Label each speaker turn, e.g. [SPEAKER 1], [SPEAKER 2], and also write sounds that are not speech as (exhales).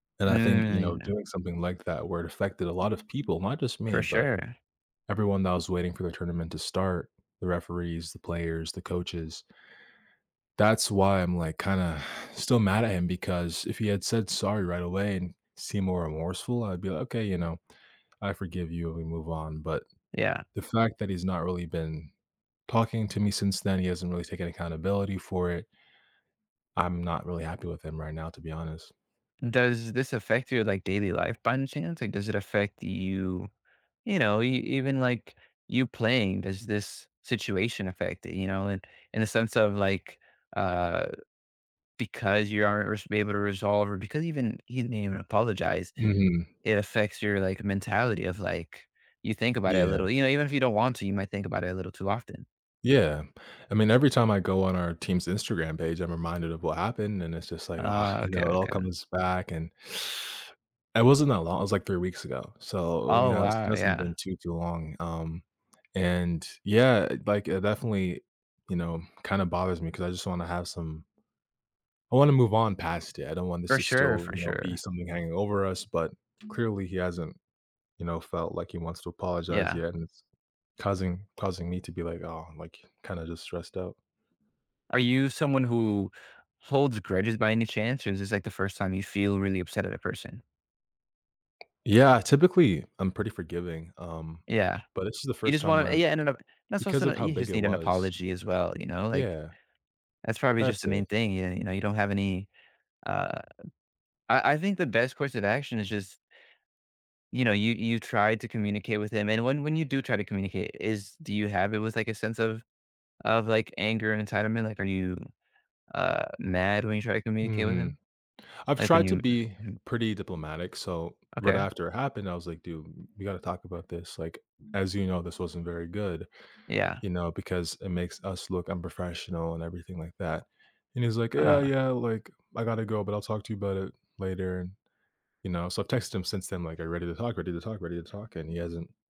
[SPEAKER 1] And I think, you
[SPEAKER 2] Mm, you
[SPEAKER 1] know,
[SPEAKER 2] know.
[SPEAKER 1] doing something like that, where it affected a lot of people, not just
[SPEAKER 2] For
[SPEAKER 1] me, but
[SPEAKER 2] sure.
[SPEAKER 1] everyone that was waiting for the tournament to start, the referees, the players, the coaches. That's why I'm, like, kinda (exhales) still mad at him because if he had said, "Sorry," right away and seemed more remorseful, I'd be, like, "Okay," you know, "I forgive you," we move on, but
[SPEAKER 2] Yeah.
[SPEAKER 1] the fact that he's not really been talking to me since then, he hasn't really taken accountability for it I'm not really happy with him right now, to be honest.
[SPEAKER 2] Does this affect your, like, daily life by any chance, like, does it affect you you know, e even, like, you playing, does this situation affect it, you know, and in a sense of, like, uh, because you aren't res be able to resolve or because even he didn't even apologize,
[SPEAKER 1] Mhm.
[SPEAKER 2] it affects your, like, mentality of, like you think about it a
[SPEAKER 1] Yeah.
[SPEAKER 2] little, you know, even if you don't want to, you might think about it a little too often.
[SPEAKER 1] Yeah. I mean, every time I go on our team's Instagram page, I'm reminded of what happened, and it's just, like, "Ugh",
[SPEAKER 2] Oh,
[SPEAKER 1] you
[SPEAKER 2] okay,
[SPEAKER 1] know, it all
[SPEAKER 2] okay.
[SPEAKER 1] comes back, and (sucks teeth) It wasn't that long it was, like, 3 weeks ago, so, you
[SPEAKER 2] Oh,
[SPEAKER 1] know, it has
[SPEAKER 2] wow,
[SPEAKER 1] doesn't
[SPEAKER 2] yeah.
[SPEAKER 1] been too, too long, um, and Yeah, like, it definitely, you know, kinda bothers me 'cause I just wanna have some I wanna move on past it; I don't want this
[SPEAKER 2] For
[SPEAKER 1] to
[SPEAKER 2] sure,
[SPEAKER 1] still,
[SPEAKER 2] for
[SPEAKER 1] you know, be
[SPEAKER 2] sure.
[SPEAKER 1] something hanging over us, but clearly, he hasn't, you know, felt like he wants to apologize
[SPEAKER 2] Yeah.
[SPEAKER 1] yet, and it's causing causing me to be, like, "Oh," like, kinda just stressed out.
[SPEAKER 2] Are you someone who holds grudges by any chance, or is this, like, the first time you feel really upset at a person?
[SPEAKER 1] Yeah, typically, I'm pretty forgiving, um,
[SPEAKER 2] Yeah,
[SPEAKER 1] but this is the
[SPEAKER 2] you
[SPEAKER 1] 1st
[SPEAKER 2] just
[SPEAKER 1] time
[SPEAKER 2] wanna
[SPEAKER 1] where
[SPEAKER 2] Yeah, and then o that's
[SPEAKER 1] because
[SPEAKER 2] also
[SPEAKER 1] of
[SPEAKER 2] n
[SPEAKER 1] how
[SPEAKER 2] you
[SPEAKER 1] big
[SPEAKER 2] just
[SPEAKER 1] it
[SPEAKER 2] need an
[SPEAKER 1] was
[SPEAKER 2] apology as well, you know, like,
[SPEAKER 1] Yeah.
[SPEAKER 2] that's probably just
[SPEAKER 1] That's
[SPEAKER 2] the main
[SPEAKER 1] it.
[SPEAKER 2] thing, y you know, you don't have any, uh I I think the best course of action is just you know, you you tried to communicate with him, and when when you do try to communicate, is do you have it with, like, a sense of of, like, anger and entitlement, like, are you, uh, mad when you try to communicate with
[SPEAKER 1] Mhm.
[SPEAKER 2] him?
[SPEAKER 1] I've
[SPEAKER 2] Like, when
[SPEAKER 1] tried to
[SPEAKER 2] you,
[SPEAKER 1] be
[SPEAKER 2] u Mhm.
[SPEAKER 1] pretty diplomatic, so, right
[SPEAKER 2] Okay.
[SPEAKER 1] after it happened, I was, like, "Dude, we gotta talk about this, like, as you know, this wasn't very good,
[SPEAKER 2] Yeah.
[SPEAKER 1] you know, because it makes us look unprofessional," and everything like that, and he's, like, "Yeah,
[SPEAKER 2] Ah.
[SPEAKER 1] yeah, like, I gotta go, but I'll talk to you about it later," and you know, so, I've texted him since then, like, "Are you ready to talk? Ready to talk? Ready to talk?" and he hasn't